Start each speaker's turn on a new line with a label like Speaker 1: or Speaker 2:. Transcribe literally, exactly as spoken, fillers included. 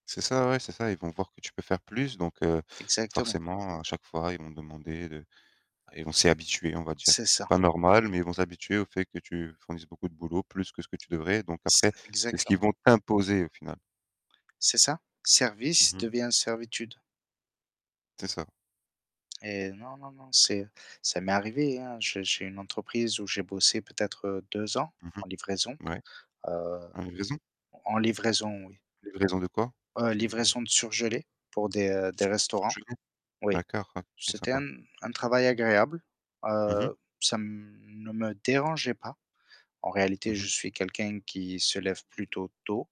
Speaker 1: C'est ça, ouais, c'est ça. Ils vont voir que tu peux faire plus, donc, heu,
Speaker 2: Exactement.
Speaker 1: forcément, à chaque fois, ils vont demander de ils vont s'y habituer, on va dire.
Speaker 2: C'est
Speaker 1: C'est
Speaker 2: ça.
Speaker 1: pas normal, mais ils vont s'habituer au fait que tu fournisses beaucoup de boulot, plus que ce que tu devrais, donc
Speaker 2: C'est
Speaker 1: après, c'est ce qu'ils
Speaker 2: exactement.
Speaker 1: vont t'imposer, au final.
Speaker 2: C'est ça,
Speaker 1: Mmh
Speaker 2: «service»
Speaker 1: mh.
Speaker 2: devient «servitude».
Speaker 1: C'est ça.
Speaker 2: Eh non, non, non, c'est ça m'est arrivé, hein, je j'ai une entreprise où j'ai bossé peut-être deux ans
Speaker 1: Mmh
Speaker 2: en livraison.
Speaker 1: mh. Ouais.
Speaker 2: Heu
Speaker 1: En livraison?
Speaker 2: en livraison, oui.
Speaker 1: Livraison de quoi?
Speaker 2: Heu,
Speaker 1: C'est
Speaker 2: livraison de surgelés pour des des
Speaker 1: Sur
Speaker 2: restaurants.
Speaker 1: surgelés?
Speaker 2: Oui.
Speaker 1: D'accord, OK,
Speaker 2: C'était un
Speaker 1: sympa.
Speaker 2: un travail agréable.
Speaker 1: Mmh mh.
Speaker 2: Heu, ça ne me dérangeait pas. En
Speaker 1: Mmh
Speaker 2: réalité, je
Speaker 1: mh.
Speaker 2: suis quelqu'un qui se lève plutôt tôt.